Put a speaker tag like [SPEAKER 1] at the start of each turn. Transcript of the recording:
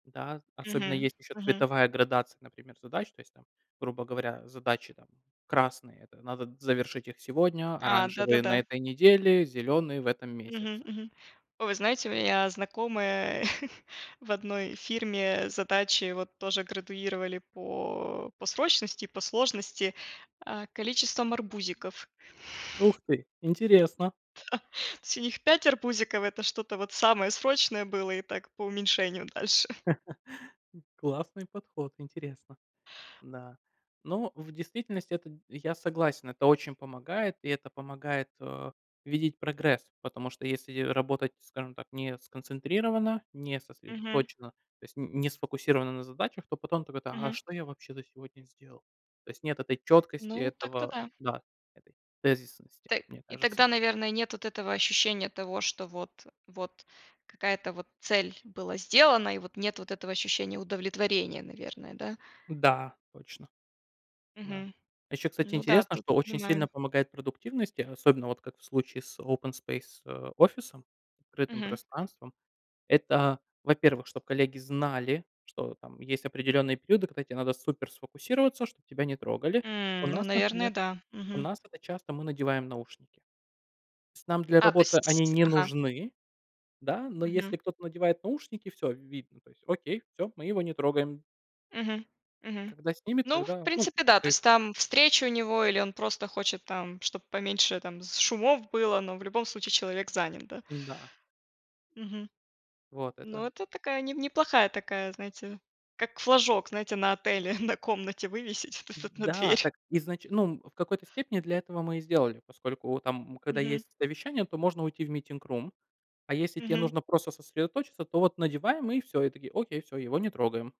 [SPEAKER 1] Да, особенно
[SPEAKER 2] Мгм,
[SPEAKER 1] есть ещё
[SPEAKER 2] мгм.
[SPEAKER 1] цветовая градация, например, задач. То есть там, грубо говоря, задачи там красные- это надо завершить их сегодня,
[SPEAKER 2] А,
[SPEAKER 1] оранжевые- на
[SPEAKER 2] да-да-да.
[SPEAKER 1] этой неделе, зеленые- в этом
[SPEAKER 2] Мгм,
[SPEAKER 1] месяце.
[SPEAKER 2] мгм. О, вы знаете, у меня знакомые в одной фирме задачи вот тоже градуировали по по срочности и по сложности, а, количеством арбузиков.
[SPEAKER 1] Ух ты,
[SPEAKER 2] Да.
[SPEAKER 1] интересно.
[SPEAKER 2] То есть у них 5 арбузиков- это что-то вот самое срочное было, и так по уменьшению дальше.
[SPEAKER 1] Классный подход, интересно. Да, но в действительности это, я согласен, это очень помогает, и это помогает, э, видеть прогресс, потому что если работать, скажем так, не сконцентрированно, не
[SPEAKER 2] Мгм.
[SPEAKER 1] сосредоточенно, то есть н не сфокусировано на задачах, то потом так это: "А, а
[SPEAKER 2] Мгм.
[SPEAKER 1] что я вообще за сегодня сделал?" То есть нет этой чёткости,
[SPEAKER 2] Ну, так-то
[SPEAKER 1] этого
[SPEAKER 2] да.
[SPEAKER 1] да, этой тезисности,
[SPEAKER 2] Та
[SPEAKER 1] мне
[SPEAKER 2] и
[SPEAKER 1] кажется.
[SPEAKER 2] тогда, наверное, нет вот этого ощущения того, что вот вот какая-то вот цель была сделана, и вот нет вот этого ощущения удовлетворения, наверное, да.
[SPEAKER 1] Да, точно. Да.
[SPEAKER 2] Мгм.
[SPEAKER 1] Ещё, кстати,
[SPEAKER 2] Ну да,
[SPEAKER 1] интересно,
[SPEAKER 2] тут
[SPEAKER 1] что очень сильно
[SPEAKER 2] понимаю.
[SPEAKER 1] помогает продуктивности, особенно вот как в случае с open space, э, офисом, открытым
[SPEAKER 2] Мгм.
[SPEAKER 1] пространством, это, во-первых, чтоб коллеги знали, что там есть определённые периоды, когда те надо супер сфокусироваться, чтоб тебя не трогали. У
[SPEAKER 2] Мм, ну,
[SPEAKER 1] нас, например
[SPEAKER 2] наверное да,
[SPEAKER 1] у
[SPEAKER 2] мгм.
[SPEAKER 1] нас это часто мы надеваем наушники. Тс нам для
[SPEAKER 2] А, то
[SPEAKER 1] работы
[SPEAKER 2] есть,
[SPEAKER 1] они
[SPEAKER 2] тсь
[SPEAKER 1] не
[SPEAKER 2] Ага.
[SPEAKER 1] нужны, да, но
[SPEAKER 2] Мгм.
[SPEAKER 1] если кто-то надевает наушники- всё, видно. То есть окей, всё, мы его не трогаем.
[SPEAKER 2] Мгм, мгм.
[SPEAKER 1] Когда снимет,
[SPEAKER 2] Ну, в
[SPEAKER 1] тогда, ну
[SPEAKER 2] принципе, да, то есть
[SPEAKER 1] [unintelligible]
[SPEAKER 2] там встреча у него, или он просто хочет там, чтоб поменьше там с шумов было, но в любом случае человек занят, да.
[SPEAKER 1] Н-да.
[SPEAKER 2] Мгм.
[SPEAKER 1] Вот, это
[SPEAKER 2] Но это такая, не неплохая такая, знаете, как флажок, знаете, на отеле, на комнате вывесить то есть вот на
[SPEAKER 1] Да.
[SPEAKER 2] дверь.
[SPEAKER 1] Так изнач ну, в какой-то степени для этого мы и сделали, поскольку там, когда
[SPEAKER 2] Мгм.
[SPEAKER 1] есть совещание, то можно уйти в meeting room, а если те
[SPEAKER 2] Мгм.
[SPEAKER 1] нужно просто сосредоточиться, то вот надеваем, и всё. И такие: "Окей, всё, его не трогаем".